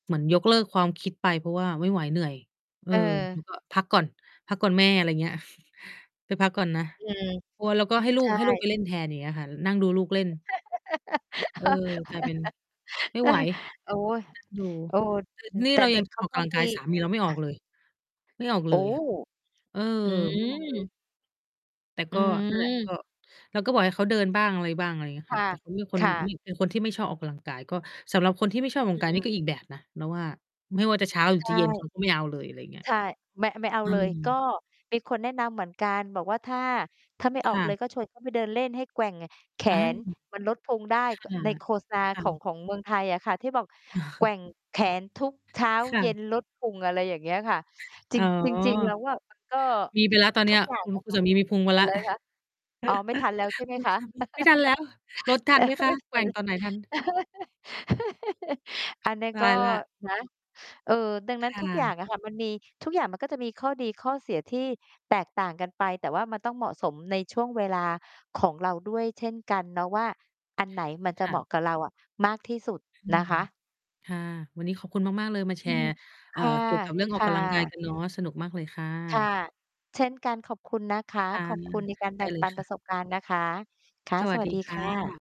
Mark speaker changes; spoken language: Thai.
Speaker 1: เหมือนยกเลิกความคิดไป เพราะว่าไม่ไหวเหนื่อย เออ
Speaker 2: เ
Speaker 1: แล้
Speaker 2: ออ
Speaker 1: วก็ พักก่อน พักก่อนแม่ อะไรอย่างเงี้ย ไปพักก่อนนะ
Speaker 2: อืม
Speaker 1: โอ้ แล้วก็ให้ล
Speaker 2: ใ
Speaker 1: ู
Speaker 2: ช
Speaker 1: ก ให้ลูก ไ
Speaker 2: ่
Speaker 1: ปเล่นแทนอย่างเงี้ยค่ะ นั่งดูลูกเล่น เออ กลายเป็น ไม่ไหว
Speaker 2: โอ้ย
Speaker 1: อยู่
Speaker 2: โอ้
Speaker 1: ต
Speaker 2: อืม
Speaker 1: นี่
Speaker 2: แต่
Speaker 1: เรา
Speaker 2: เด
Speaker 1: ย
Speaker 2: ็
Speaker 1: ั
Speaker 2: ก
Speaker 1: ง
Speaker 2: เขา
Speaker 1: ออก
Speaker 2: ก
Speaker 1: ก
Speaker 2: ็
Speaker 1: ำลัง
Speaker 2: ม
Speaker 1: ก
Speaker 2: ี
Speaker 1: าย สามีเราไม่ออกเลย ไม่ออกเ
Speaker 2: โ
Speaker 1: ล
Speaker 2: อ้!
Speaker 1: ย ค่ะ เออ
Speaker 2: อื
Speaker 1: ไม่ออกเลย
Speaker 2: ม
Speaker 1: แต่
Speaker 2: อ
Speaker 1: ก
Speaker 2: ื
Speaker 1: ็ นั่นแหละ ก
Speaker 2: ม
Speaker 1: ็ เราก็บอกให้เขาเดินบ้างอะไรบ้าง อะไรอย่างเงี้ย
Speaker 2: ค
Speaker 1: ค่
Speaker 2: ่
Speaker 1: ะ
Speaker 2: ะ
Speaker 1: แต่เขาเป็นคน
Speaker 2: ค่ะ
Speaker 1: เป็น คนที่ไม่ชอบออกกำลังกาย ก็ สำหรับคนที่ไม่ชอบออกก
Speaker 2: อ
Speaker 1: ำล
Speaker 2: ื
Speaker 1: ังกายนี่ก
Speaker 2: ม
Speaker 1: ็อีกแบบนะเราว่า ไม่ว่าจะเช้าหรื
Speaker 2: ใช
Speaker 1: อจ
Speaker 2: ่
Speaker 1: ะเย็น เขา ก็ไม่เอาเลย อะไรอย่างเงี้ย
Speaker 2: ใช่ ไม่ ไม่เอา
Speaker 1: อื
Speaker 2: เลย ก็
Speaker 1: ม
Speaker 2: มีคนแนะนำเหมือนกันบอกว่า ถ้า ถ้าไม่อ
Speaker 1: ค
Speaker 2: อก
Speaker 1: ่
Speaker 2: เล
Speaker 1: ะ
Speaker 2: ยก็ชวน เขา ไปเดินเล่น ให้แกว่งแข
Speaker 1: อา
Speaker 2: นมันลดพุงได้
Speaker 1: ค่ะ
Speaker 2: ใน ก โฆษณา
Speaker 1: ค
Speaker 2: ข
Speaker 1: ่
Speaker 2: อง
Speaker 1: ะ
Speaker 2: ของเมืองไทยอะค่ะ ที่บอกแกว่งแขนทุกเช้า
Speaker 1: ค่
Speaker 2: เย็
Speaker 1: ะ
Speaker 2: นลดพุง อะไรอย่างเงี้ยค่ะ จ
Speaker 1: อ
Speaker 2: ร
Speaker 1: ๋
Speaker 2: ิ
Speaker 1: อ
Speaker 2: ง จริง ๆ เราว่า มัน ก็
Speaker 1: มีไปละตอนเ
Speaker 2: ท
Speaker 1: นี
Speaker 2: ุ
Speaker 1: ้ย
Speaker 2: กอย่าง
Speaker 1: คุณ
Speaker 2: อะ
Speaker 1: คุ
Speaker 2: ค
Speaker 1: ณส
Speaker 2: ะ
Speaker 1: ามีมีพุงไป
Speaker 2: อะ
Speaker 1: ละ
Speaker 2: ไรนะคะ? อ๋อ ไม่ทันแล้วใช่ไหม
Speaker 1: คุณ
Speaker 2: คะ
Speaker 1: สามี ไม่ทันแล้ว ลดท
Speaker 2: แ
Speaker 1: ั
Speaker 2: ปล
Speaker 1: นไหม
Speaker 2: ว่า
Speaker 1: ค
Speaker 2: ไ
Speaker 1: ะ
Speaker 2: ม่ท
Speaker 1: แก
Speaker 2: ั
Speaker 1: ว
Speaker 2: น
Speaker 1: ่งตอนไหนทัน
Speaker 2: อันนั้น
Speaker 1: ต
Speaker 2: ก็
Speaker 1: ายแล้ว
Speaker 2: นะ เออ ดังนั้
Speaker 1: ค
Speaker 2: น
Speaker 1: ่
Speaker 2: ทุกอย่า
Speaker 1: ะ
Speaker 2: งอะค่ะ มันมี ทุกอย่างมันก็จะมีข้อดีข้อเสียที่แตกต่างกันไป แต่ว่ามันต้องเหมาะสมในช่วงเวลาของเราด้วยเช่นกันเนาะว่า อันไหนมันจ
Speaker 1: ค
Speaker 2: ะ
Speaker 1: ่
Speaker 2: เหมา
Speaker 1: ะ
Speaker 2: ะกับเราอะมากที่สุด
Speaker 1: อื
Speaker 2: นะ
Speaker 1: ม
Speaker 2: คะ
Speaker 1: ค่ะ วันนี้ขอบคุณมาก ๆ เลยมาแ
Speaker 2: อ
Speaker 1: ช
Speaker 2: ืม
Speaker 1: ร์
Speaker 2: ค
Speaker 1: เอ่อ
Speaker 2: ่ะ
Speaker 1: เกี่ยวกับเรื่อง
Speaker 2: ค
Speaker 1: ออก
Speaker 2: ่
Speaker 1: กำลังกาย
Speaker 2: ะ
Speaker 1: กันเนาะ สนุกมากเลยค่
Speaker 2: ค่ะ
Speaker 1: ะ
Speaker 2: เช่นกันขอบคุณนะคะ
Speaker 1: ค่ะ
Speaker 2: ขอบคุณในการแ
Speaker 1: ได
Speaker 2: บ
Speaker 1: ้
Speaker 2: ่ง
Speaker 1: เล
Speaker 2: ป
Speaker 1: ย
Speaker 2: ัน
Speaker 1: ค
Speaker 2: ป
Speaker 1: ่
Speaker 2: ร
Speaker 1: ะ
Speaker 2: ะสบการณ์นะคะ ค่ะ
Speaker 1: สว
Speaker 2: ส
Speaker 1: ัส
Speaker 2: วั
Speaker 1: ด
Speaker 2: ส
Speaker 1: ี
Speaker 2: ดี
Speaker 1: ค
Speaker 2: ค
Speaker 1: ่
Speaker 2: ่ะ
Speaker 1: ะ